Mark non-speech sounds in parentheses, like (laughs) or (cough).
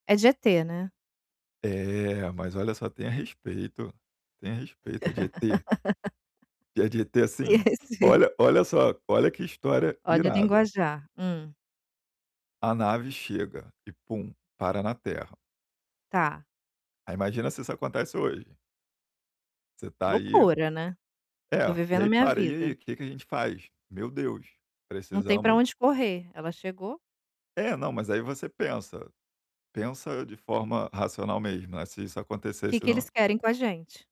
É de ET, né. É, mas olha só, tenha respeito, tenha respeito. É de ET e é de ET (laughs) assim, Sei, sei. olha olha só olha, que história Olha o irada. linguajar. Hum. A nave chega e, pum, para na Terra. Tá. Aí imagina se isso acontece hoje você tá aí. Loucura, né, tô É, e vivendo a aí minha para, e aí, vida. que que a gente faz? "Meu Deus, Não tem pra precisamos" onde correr, ela chegou. É, não, mas aí você pensa, pensa de forma racional mesmo, né, se isso Que acontecesse que não eles querem com a gente?